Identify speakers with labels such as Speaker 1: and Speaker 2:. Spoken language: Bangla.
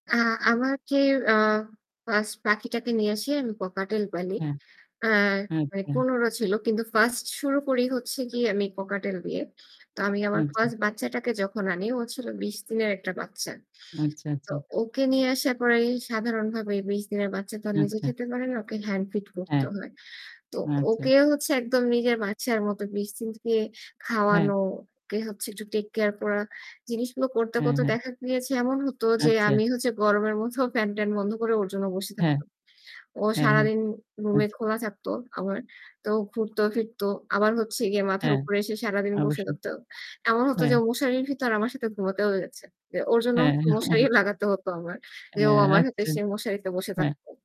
Speaker 1: আ আমার যে অ 1st পাখিটাকে নিয়ে আসি আমি ককাটেল পালি।
Speaker 2: হ্যাঁ।
Speaker 1: আ
Speaker 2: হ্যাঁ,
Speaker 1: মানে
Speaker 2: হ্যাঁ।
Speaker 1: কোনরও ছিল। কিন্তু 1st শুরু করি হচ্ছে গিয়ে আমি ককাটেল দিয়ে। তো আমি আমার
Speaker 2: আচ্ছা।
Speaker 1: 1st বাচ্চাটাকে যখন আনি ও হচ্ছিলো ২০ দিনের একটা বাচ্চা।
Speaker 2: আচ্ছা,
Speaker 1: তো
Speaker 2: আচ্ছা।
Speaker 1: ওকে নিয়ে আসার পরেই সাধারণভাবেই ২০ দিনের বাচ্চা তো নিজে
Speaker 2: আচ্ছা।
Speaker 1: খেতে পারে না ওকে হ্যান্ড ফিড করতে
Speaker 2: হ্যাঁ।
Speaker 1: হয়। তো
Speaker 2: আচ্ছা।
Speaker 1: ওকে হচ্ছে একদম নিজের বাচ্চার মতো [unintelligible]
Speaker 2: হ্যাঁ।
Speaker 1: খাওয়ানো, ওকে হচ্ছে একটু take care করা। জিনিসগুলো করতে,
Speaker 2: হ্যাঁ,
Speaker 1: করতে
Speaker 2: হ্যাঁ।
Speaker 1: দেখা গিয়েছে। এমন হতো যে
Speaker 2: আচ্ছা।
Speaker 1: আমি হচ্ছে গরমের মধ্যেও ফ্যান-ট্যান বন্ধ করে ওর জন্য বসে
Speaker 2: হ্যাঁ।
Speaker 1: থাকতাম। ও
Speaker 2: হ্যাঁ, হ্যাঁ,
Speaker 1: সারাদিন রুমে
Speaker 2: আচ্ছা।
Speaker 1: খোলা থাকত আমার। তো ঘুরত ফিরত। আবার হচ্ছে গিয়ে মাথার
Speaker 2: হ্যাঁ,
Speaker 1: উপরে এসে সারাদিন বসে
Speaker 2: অবশ্যই।
Speaker 1: থাকত। এমন হতো যে
Speaker 2: হ্যাঁ।
Speaker 1: ও মশারির ভিতর আমার সাথে ঘুমাতেও হয়ে যাচ্ছে। এ ওর জন্য
Speaker 2: হ্যাঁ,
Speaker 1: মশারি
Speaker 2: অবশ্যই।
Speaker 1: লাগাতে হত আমার। যে
Speaker 2: অ্যা
Speaker 1: ও আমার সাথে
Speaker 2: আচ্ছা।
Speaker 1: এসে মশারিতে বসে
Speaker 2: হ্যাঁ।
Speaker 1: থাকত।